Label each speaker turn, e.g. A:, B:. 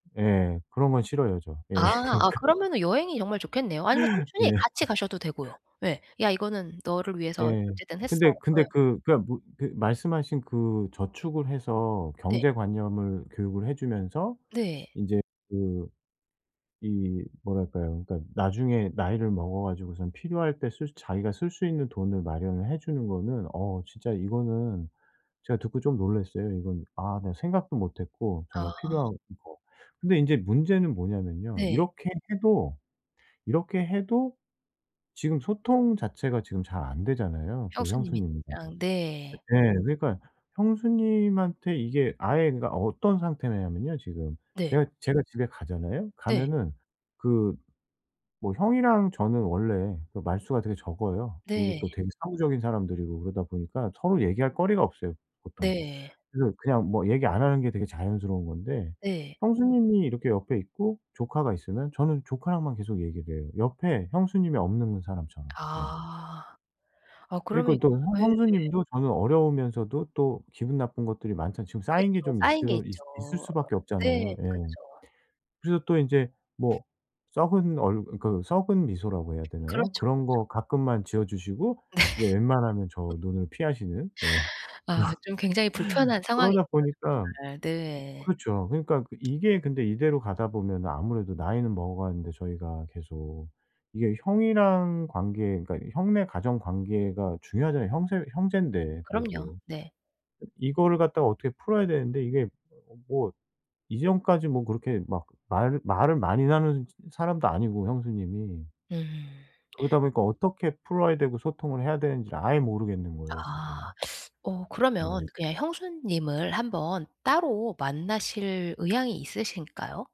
A: 예. 그런 건 싫어요 저. 예.
B: 아.
A: 그러니까
B: 아 그러면은 여행이 정말 좋겠네요. 아니면 삼촌이
A: 예.
B: 같이 가셔도 되고요. 예. "야 이거는 너를 위해서
A: 예.
B: 어쨌든 했어."
A: 근데 근데
B: 예.
A: 그 그러니까 뭐 그 말씀하신 그 저축을 해서
B: 네.
A: 경제 관념을 교육을 해 주면서
B: 네.
A: 인제 그 이 뭐랄까요. 그러니까 나중에 나이를 먹어 가지고선 필요할 때 쓸 자기가 쓸 수 있는 돈을 마련을 해 주는 거는 어 진짜 이거는 제가 듣고 좀 놀랐어요 이건. 아 내가 생각도 못했고 정말
B: 아.
A: 필요한 거. 근데 인제 문제는 뭐냐하면요.
B: 네.
A: 이렇게 해도 이렇게 해도 지금 소통 자체가 지금 잘 안 되잖아요 그
B: 형수님이랑
A: 형수님이랑.
B: 네.
A: 예예 그러니까 형수님한테 이게 아예 그러니까 어떤 상태냐하면요 지금.
B: 네.
A: 내가 제가 집에 가잖아요.
B: 네.
A: 가면은 그 뭐 형이랑 저는 원래 그 말수가 되게 적어요. 그리고
B: 네.
A: 또 되게 사무적인 사람들이고 그러다 보니까 서로 얘기할 거리가 없어요 보통.
B: 네.
A: 그래서 그냥 뭐 얘기 안 하는 게 되게 자연스러운 건데
B: 네.
A: 형수님이 이렇게 옆에 있고 조카가 있으면 저는 조카랑만 계속 얘기를 해요 옆에 형수님이 없는 사람처럼. 예.
B: 아. 아 그러면
A: 그러니까
B: 예.
A: 또 형 형수님도 저는 어려우면서도 또 기분 나쁜 것들이 많잖아 지금 쌓인 게
B: 그쵸.
A: 좀
B: 쌓인 게
A: 있어 있 있을
B: 있죠.
A: 수밖에
B: 네.
A: 없잖아요. 예.
B: 그쵸.
A: 그래서 또 이제 뭐 썩은 얼 그 썩은 미소라고 해야 되나요?
B: 그렇죠,
A: 그런
B: 그렇죠.
A: 거 가끔만 지어 주시고
B: 네.
A: 이제 웬만하면 저 눈을 피하시는 예
B: 아 좀 굉장히 불편한
A: 그런.
B: 상황이네요
A: 그러다 보니까
B: 정말. 네.
A: 그렇죠. 그러니까 그 이게 근데 이대로 가다 보면은 아무래도 나이는 먹어가는데 저희가 계속 이게 형이랑 관계 그러니까 형네 가정 관계가 중요하잖아요 형세 형제인데
B: 그럼요.
A: 그래도.
B: 네.
A: 이거를 갖다가 어떻게 풀어야 되는데 이게 어 뭐 이전까지 뭐 그렇게 막 말을 말을 많이 나누는 사람도 아니고 형수님이.
B: 음.
A: 그러다 보니까 어떻게 풀어야 되고 소통을 해야 되는지를 아예 모르겠는 거예요 지금.
B: 아. 어 그러면
A: 네.
B: 그냥 형수님을 한번 따로 만나실 의향이 있으실까요?